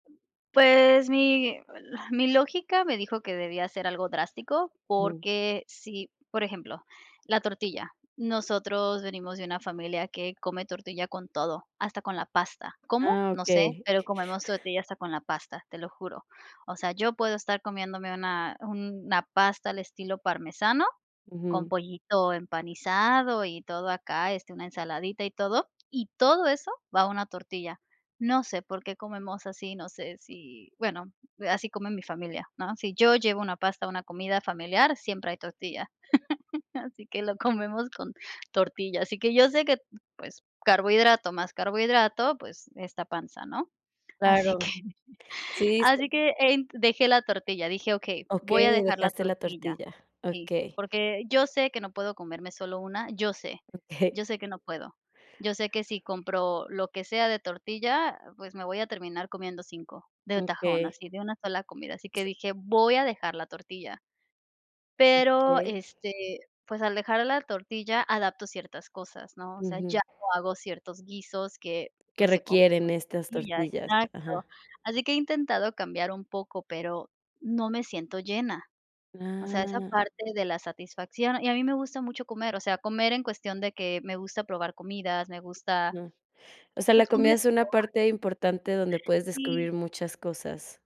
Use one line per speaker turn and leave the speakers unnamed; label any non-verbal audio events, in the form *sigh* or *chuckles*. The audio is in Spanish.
Pues mi, la mi lógica me dijo que debía ser algo drástico,
*unintelligible*
porque si, por ejemplo, la tortilla nosotros venimos de una familia que come tortilla con todo, hasta con la pasta. ¿Cómo?
Ah,
No sé,
okey.
pero comemos tortilla hasta con la pasta, te lo juro. O sea, yo puedo estar comiéndome una una pasta al estilo parmesano con
Ujú.
pollito empanizado y todo acá, este, una ensaladita y todo. Y todo eso va a una tortilla. No sé por qué comemos así, no sé si, bueno, así come mi familia, ¿no? Si yo llevo una pasta, a una comida familiar, siempre hay tortilla. Así que lo comemos con tortilla. Así que yo sé que, pues, carbohidrato más carbohidrato, pues, esta panza, ¿no? Así
Claro,
que
sí, se
Así que ent Dejé la tortilla, dije: "Okey, voy a
Okey,
dejar la
dejaste la
tortilla".
tortilla.
Sí,
Okey.
porque yo sé que no puedo comerme solo 1, yo sé,
Okey. *chuckles*
yo sé que no puedo. Yo sé que si compro lo que sea de tortilla, pues, me voy a terminar comiendo 5 de tajón,
Okey.
así de una sola comida. Así que dije: "Voy a dejar la tortilla". Pero,
Okey.
este, pues, al dejar la tortilla, adapto ciertas cosas, ¿no? O sea, ya
Ujú.
no hago ciertos guisos que,
Que
pues, se comen
requieren
con
estas
tortilla
tortillas. Ajá.
exacto. Así que he intentado cambiar un poco, pero no me siento llena. O sea, esa
Ah.
parte de la satisfacción. Y a mí me gusta mucho comer, o sea, comer en cuestión de que me gusta probar comidas, me gusta
No. O sea, la
pues,
comida
comer
es una parte
*unintelligible*
importante donde puedes
Sí.
descubrir muchas cosas.